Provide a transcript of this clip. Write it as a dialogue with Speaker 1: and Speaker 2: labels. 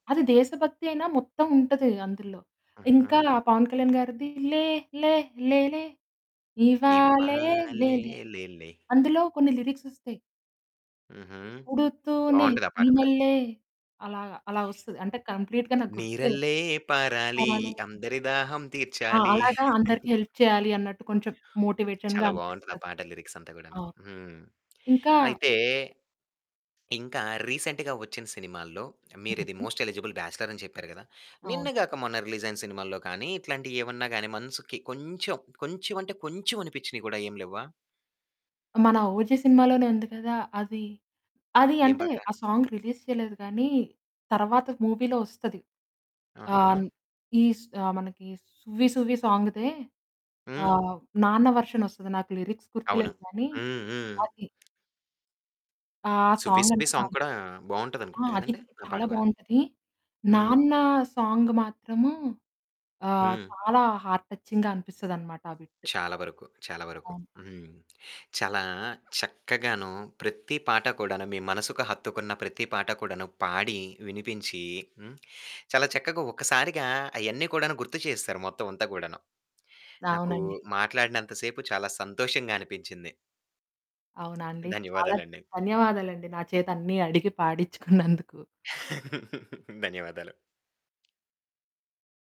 Speaker 1: అది దేశభక్తియైనా మొత్తముంటది అందులో.
Speaker 2: హుహు.
Speaker 1: ఇంకా పవన్ కళ్యాణ్ గారిది లే లే లే లే, ఇవ్వాలే
Speaker 2: ఇవ్వాలే
Speaker 1: లేలే
Speaker 2: లే లే
Speaker 1: అందులో కొన్ని లిరిక్సొ‌స్తాయి.
Speaker 2: హుహు.
Speaker 1: పుడుతూనే
Speaker 2: బావుంటది ఆ పాట కూడా.
Speaker 1: ఈనెల్లే అలాగ అలా ఒస్తది. అంటే కంప్లీట్‌గా నాకు గుర్తులేదు.
Speaker 2: నీరల్లే పారాలి
Speaker 1: అవును.
Speaker 2: అందరి దాహం
Speaker 1: ఆ
Speaker 2: తీర్చాలి.
Speaker 1: అలాగ అందరికి హెల్ప్ చేయాలి అన్నట్టు కొంచెం మోటివేషన్‌గా
Speaker 2: చాలా బావుంటది ఆ
Speaker 1: అనిపిస్తది.
Speaker 2: పాట లిరిక్సంత కూడాను.
Speaker 1: అవును.
Speaker 2: హ్మ్.
Speaker 1: ఇంకా
Speaker 2: అయితే, ఇంకా రీసెంట్‌గా ఒచ్చిన సినిమాల్లో మీరిది
Speaker 1: హుహు.
Speaker 2: "మోస్ట్ ఎలిజిబుల్ బ్యాచ్‌లర్" అని చెప్పారు గదా! నిన్న
Speaker 1: అవును.
Speaker 2: గాక మొన్న రిలీజయిన సినిమాల్లో కాని ఇట్లాంటియేమన్నా గాని మనసుకి కొంచెం కొంచెం అంటే కొంచెం అనిపిచ్చినియి కూడా ఏమి లేవ్వా?
Speaker 1: మన "ఓజి" సినిమాలోనే ఉంది కదా! అది. అది
Speaker 2: ఏం
Speaker 1: అంటే
Speaker 2: పాట?
Speaker 1: ఆ సాంగ్ రిలీజ్ చేయలేదు కానీ, తరువాత మూవీలో ఒస్తది.
Speaker 2: ఆహా!
Speaker 1: ఆహ్, ఈ మనకి 'సువ్వి సువ్వి' సాంగ్‌దే ఆ
Speaker 2: హ్మ్.
Speaker 1: నాన్న వర్షన్ ఒస్తది నాకు లిరిక్స్
Speaker 2: అవును.
Speaker 1: గుర్తులేదు కానీ.
Speaker 2: హ్మ్. హ్మ్.
Speaker 1: అది ఆ
Speaker 2: సువ్వి సువ్వి
Speaker 1: సాంగంటే
Speaker 2: సాంగ్ కూడా
Speaker 1: చాలిష్టం. ఆ!
Speaker 2: బావుంటదనుకుంట
Speaker 1: అది
Speaker 2: కదండీ? ఆ పాట
Speaker 1: చాలా
Speaker 2: కూడా.
Speaker 1: బావుంటది.
Speaker 2: హ్మ్.
Speaker 1: నాన్న సాంగ్ మాత్రము ఆ
Speaker 2: హ్మ్.
Speaker 1: చాలా హార్ట్ టచింగ్‌గా అనిపిస్తదన్నమాట ఆ బిట్.
Speaker 2: చాలా వరకు, చాలా వరకు
Speaker 1: అవును.
Speaker 2: హ్మ్. చాలా చక్కగాను ప్రతి పాట కూడాను మీ మనసుకు హత్తుకున్న ప్రతి పాట కూడాను పాడి, వినిపించి హ్మ్. చాలా చక్కగా ఒక్కసారిగా అయన్ని కూడాను గుర్తు చేసేసారు మొత్తమంతా కూడాను. నాకు
Speaker 1: అవునండి.
Speaker 2: మాట్లాడినంత సేపు చాలా సంతోషంగా అనిపించింది.
Speaker 1: అవునా అండి! చాలా
Speaker 2: ధన్యవాదాలండి.
Speaker 1: ధన్యవాదాలండి. నా చేత అన్నీ అడిగి పాడిచ్చుకున్నందుకు.
Speaker 2: ధన్యవాదాలు.